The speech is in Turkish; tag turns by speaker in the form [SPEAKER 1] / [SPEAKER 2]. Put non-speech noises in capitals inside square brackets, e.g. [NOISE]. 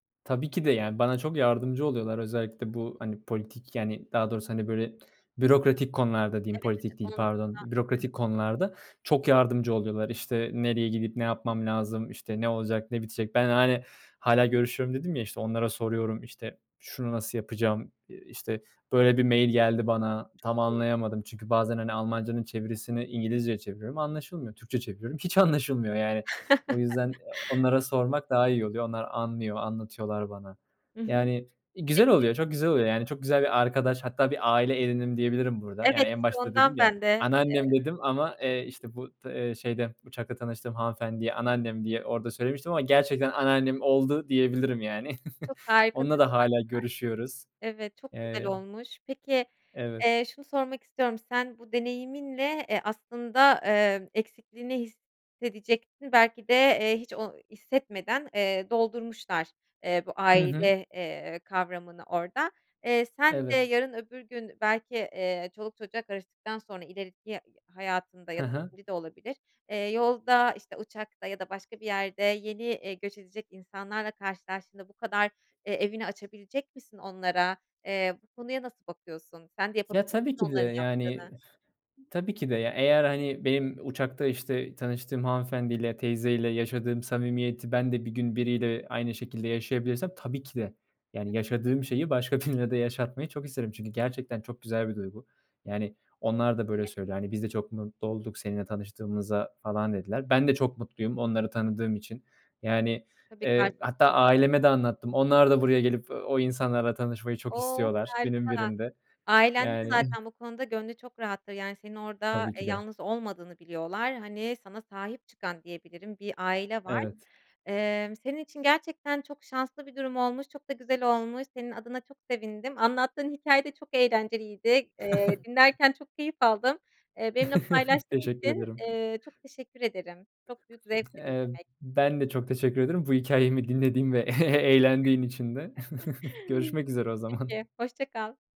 [SPEAKER 1] Tabii ki de, yani, bana çok yardımcı oluyorlar. Özellikle bu, hani, politik, yani, daha doğrusu, hani, böyle, bürokratik konularda diyeyim
[SPEAKER 2] Evet, evet,
[SPEAKER 1] politik değil,
[SPEAKER 2] onunla hı
[SPEAKER 1] pardon, bürokratik
[SPEAKER 2] hı.
[SPEAKER 1] konularda çok yardımcı oluyorlar. İşte, nereye gidip ne yapmam lazım, işte, ne olacak ne bitecek? Ben, hani, "Hâlâ görüşüyorum." dedim, ya, işte, onlara soruyorum, işte, "Şunu nasıl yapacağım? Eee, işte, böyle bir mail geldi bana
[SPEAKER 2] Çok
[SPEAKER 1] tam
[SPEAKER 2] iyi.
[SPEAKER 1] anlayamadım." Çünkü bazen, hani, Almancanın çevirisini İngilizceye çeviriyorum anlaşılmıyor. Türkçeye çeviriyorum hiç anlaşılmıyor yani. O yüzden, ııı,
[SPEAKER 2] [CHUCKLES]
[SPEAKER 1] onlara sormak daha iyi oluyor. Onlar anlıyor, anlatıyorlar bana.
[SPEAKER 2] Hı hı.
[SPEAKER 1] Yani iii, güzel
[SPEAKER 2] Peki
[SPEAKER 1] oluyor, çok güzel oluyor. Yani çok güzel bir arkadaş. Hatta bir aile edindim diyebilirim burada.
[SPEAKER 2] Evet,
[SPEAKER 1] Yani en
[SPEAKER 2] işte,
[SPEAKER 1] başta
[SPEAKER 2] ondan
[SPEAKER 1] dedim ya,
[SPEAKER 2] ben de, eee
[SPEAKER 1] "anneannem" dedim ama, eee, işte, bu d eee, şeyde uçakta tanıştığım hanımefendiye
[SPEAKER 2] Hı hı.
[SPEAKER 1] anneannem diye orada söylemiştim ama gerçekten anneannem oldu diyebilirim yani.
[SPEAKER 2] Çok
[SPEAKER 1] [CHUCKLES]
[SPEAKER 2] harika
[SPEAKER 1] Onunla da
[SPEAKER 2] duygular
[SPEAKER 1] hâlâ görüşüyoruz.
[SPEAKER 2] bunlar. Evet, çok güzel
[SPEAKER 1] Eee
[SPEAKER 2] olmuş. Peki,
[SPEAKER 1] Evet.
[SPEAKER 2] eee, şunu sormak istiyorum. Sen bu deneyiminle, eee, aslında, ııı, eksikliğini hissedecektin belki de, eee, hiç o hissetmeden, eee, doldurmuşlar, eee, bu
[SPEAKER 1] Hı hı.
[SPEAKER 2] aile, eee, kavramını orada. Eee, sen de
[SPEAKER 1] Evet.
[SPEAKER 2] yarın öbür gün belki, eee, çoluk çocuğa karıştıktan sonra ileriki hayatında
[SPEAKER 1] Hı
[SPEAKER 2] ya da
[SPEAKER 1] hı.
[SPEAKER 2] şimdi de olabilir, eee, yolda, işte, uçakta ya da başka bir yerde yeni, iii, göç edecek insanlarla karşılaştığında bu kadar, eee, evini açabilecek misin onlara, eee, bu konuya nasıl bakıyorsun sen de
[SPEAKER 1] Ya,
[SPEAKER 2] yapabilir misin
[SPEAKER 1] tabii ki de.
[SPEAKER 2] onların
[SPEAKER 1] Yani,
[SPEAKER 2] yaptığını?
[SPEAKER 1] tabii ki de. Ya, eğer, hani, benim uçakta, işte, tanıştığım hanımefendiyle teyzeyle yaşadığım samimiyeti ben de bir gün biriyle aynı şekilde yaşayabilirsem tabii ki de yani,
[SPEAKER 2] [UNINTELLIGIBLE]
[SPEAKER 1] yaşadığım şeyi başka birine de yaşatmayı çok isterim. Çünkü gerçekten çok güzel bir duygu. Yani onlar da böyle
[SPEAKER 2] İyi.
[SPEAKER 1] söylüyor. "Hani biz de çok mutlu olduk seninle tanıştığımıza." falan dediler. Ben de çok mutluyum onları tanıdığım için. Yani,
[SPEAKER 2] Tabii,
[SPEAKER 1] eee, hatta
[SPEAKER 2] karşılıklı biraz da.
[SPEAKER 1] aileme de anlattım. Onlar da buraya gelip o insanlarla tanışmayı çok
[SPEAKER 2] Oh,
[SPEAKER 1] istiyorlar günün
[SPEAKER 2] harika.
[SPEAKER 1] birinde.
[SPEAKER 2] Ailen de
[SPEAKER 1] Yani
[SPEAKER 2] zaten bu konuda gönlü çok rahattır. Yani senin orada,
[SPEAKER 1] Tabii
[SPEAKER 2] eee,
[SPEAKER 1] ki de.
[SPEAKER 2] yalnız olmadığını biliyorlar. Hani sana sahip çıkan diyebilirim bir aile var.
[SPEAKER 1] Evet.
[SPEAKER 2] Emm, senin için gerçekten çok şanslı bir durum olmuş. Çok da güzel olmuş. Senin adına çok sevindim. Anlattığın hikâye de çok eğlenceliydi. Eee,
[SPEAKER 1] [CHUCKLES]
[SPEAKER 2] dinlerken çok keyif aldım. Eee, benimle
[SPEAKER 1] [CHUCKLES]
[SPEAKER 2] paylaştığın
[SPEAKER 1] Teşekkür
[SPEAKER 2] için,
[SPEAKER 1] ederim.
[SPEAKER 2] eee, çok teşekkür ederim. Çok büyük zevkti
[SPEAKER 1] Eee,
[SPEAKER 2] dinlemek.
[SPEAKER 1] ben de çok teşekkür ediyorum. Bu hikâyemi dinlediğin ve eğlendiğin için de. [CHUCKLES]
[SPEAKER 2] [CHUCKLES]
[SPEAKER 1] Görüşmek üzere o
[SPEAKER 2] Peki,
[SPEAKER 1] zaman.
[SPEAKER 2] hoşça kal.